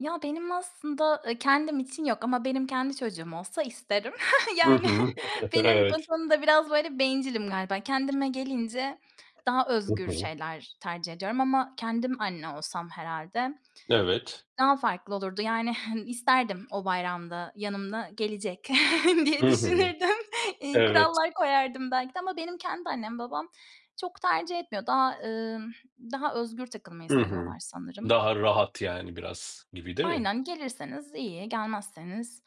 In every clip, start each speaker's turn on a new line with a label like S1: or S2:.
S1: Ya, benim aslında, eee, kendim için yok ama benim kendi çocuğum olsa isterim.
S2: Hı
S1: Yani
S2: hı.
S1: benim o
S2: Evet.
S1: konuda biraz böyle bencilim galiba. Kendime gelince daha
S2: Hı
S1: özgür
S2: hı.
S1: şeyler tercih ediyorum ama kendim anne olsam herhâlde
S2: Evet.
S1: daha farklı olurdu. Yani, hın isterdim o bayramda yanıma gelecek diye
S2: Hı hı.
S1: düşünürdüm. Eee,
S2: Evet.
S1: kurallar koyardım belki de ama benim kendi annem babam çok tercih etmiyor. Daha ımm, daha özgür takılmayı
S2: Hı hı.
S1: seviyorlar sanırım.
S2: Daha rahat yani biraz gibi, değil mi?
S1: Aynen, gelirseniz iyi, gelmezseniz,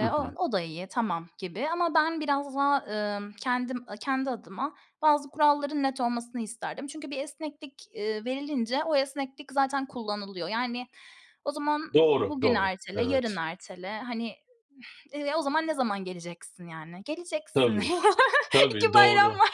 S2: Hı
S1: o
S2: hı.
S1: o da iyi, tamam gibi ama ben biraz daha, ımm, kendim, a kendi adıma bazı kuralların net olmasını isterdim. Çünkü bir esneklik, eee, verilince o esneklik zaten kullanılıyor. Yani o zaman
S2: Doğru,
S1: bugün
S2: doğru.
S1: ertele, yarın
S2: Evet.
S1: ertele, hani, eee, o zaman ne zaman geleceksin, yani? Geleceksin.
S2: Tabii.
S1: 2
S2: Tabii,
S1: bayram
S2: doğru.
S1: var.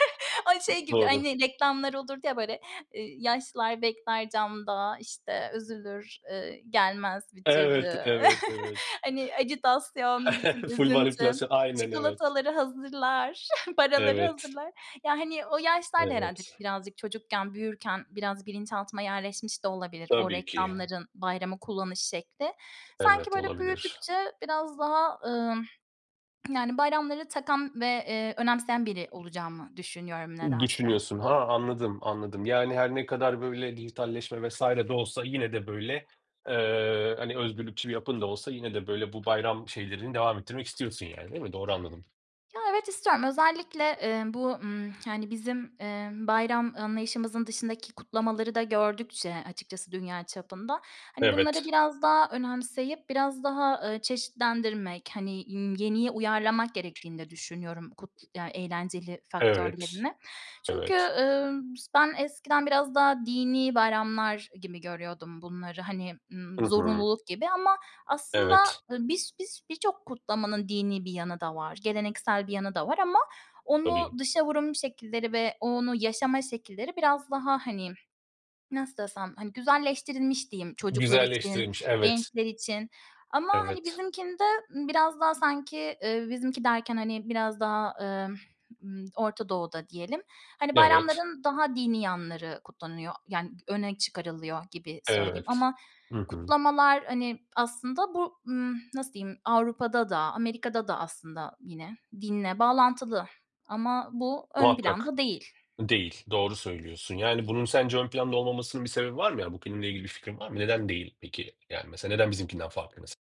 S1: Ay, şey gibi,
S2: Doğru.
S1: hani, reklamlar olurdu ya böyle, eee yaşlılar bekler camda, işte, üzülür, ııı, gelmez bir
S2: Evet,
S1: türlü.
S2: evet, evet.
S1: Hani, ajitasyon, bütün
S2: Full
S1: üzüntü,
S2: manipülasyon. Aynen, evet.
S1: çikolataları hazırlar, paraları
S2: Evet.
S1: hazırlar... Ya, hani, o yaşlar da herhâlde
S2: Evet.
S1: birazcık çocukken büyürken biraz bilinçaltıma yerleşmiş de olabilir o
S2: Tabii ki.
S1: reklamların bayramı kullanış şekli. Sanki
S2: Evet,
S1: böyle
S2: olabilir.
S1: büyüdükçe biraz daha, ımm, yani bayramları takan ve, eee, önemseyen biri olacağımı düşünüyorum nedense.
S2: Düşünüyorsun. Ha, anladım, anladım. Yani her ne kadar böyle dijitalleşme vs. de olsa yine de böyle eee, hani, özgürlükçü bir yapın da olsa yine de, böyle, bu bayram şeylerini devam ettirmek istiyorsun yani, değil mi? Doğru anladım.
S1: Ya, evet, istiyorum. Özellikle, emm, bu, ımm, yani, bizim, emm, bayram anlayışımızın dışındaki kutlamaları da gördükçe açıkçası dünya çapında, hani, bunları
S2: Evet.
S1: biraz daha önemseyip biraz daha, ııı, çeşitlendirmek, hani, ımm, yeniye uyarlamak gerektiğini de düşünüyorum kut ya, eğlenceli
S2: Evet.
S1: faktörlerini. Çünkü,
S2: Evet.
S1: ııı, s ben eskiden biraz daha dinî bayramlar gibi görüyordum bunları, hani, ımm,
S2: Hı hı.
S1: zorunluluk gibi ama aslında,
S2: Evet.
S1: ııı, bis bis birçok kutlamanın dinî bir yanı da var, geleneksel bir yanı da var ama onu
S2: Tabii.
S1: dışa vurum şekilleri ve onu yaşama şekilleri biraz daha, hani, nasıl desem, hani, güzelleştirilmiş diyeyim çocuklar için,
S2: Güzelleştirilmiş, evet.
S1: gençler için. Ama, hani,
S2: Evet.
S1: bizimkinde, ımm, biraz daha sanki, eee, bizimki derken, hani, biraz daha, ımm, ımm, Orta Doğu'da diyelim, hani,
S2: Evet.
S1: bayramların daha dinî yanları kutlanıyor yani öne çıkarılıyor gibi söyleyeyim.
S2: Evet.
S1: Ama
S2: Hı hı.
S1: kutlamalar, hani, aslında bu, ımm, nasıl diyeyim, Avrupa'da da, Amerika'da da aslında yine dinle bağlantılı ama bu ön
S2: Muhakkak.
S1: planda değil.
S2: Değil, doğru söylüyorsun. Yani, bunun sence ön planda olmamasının bir sebebi var mı? Yani bu filmle ilgili bir fikrin var mı? Neden değil peki? Yani, mesela neden bizimkinden farklı mes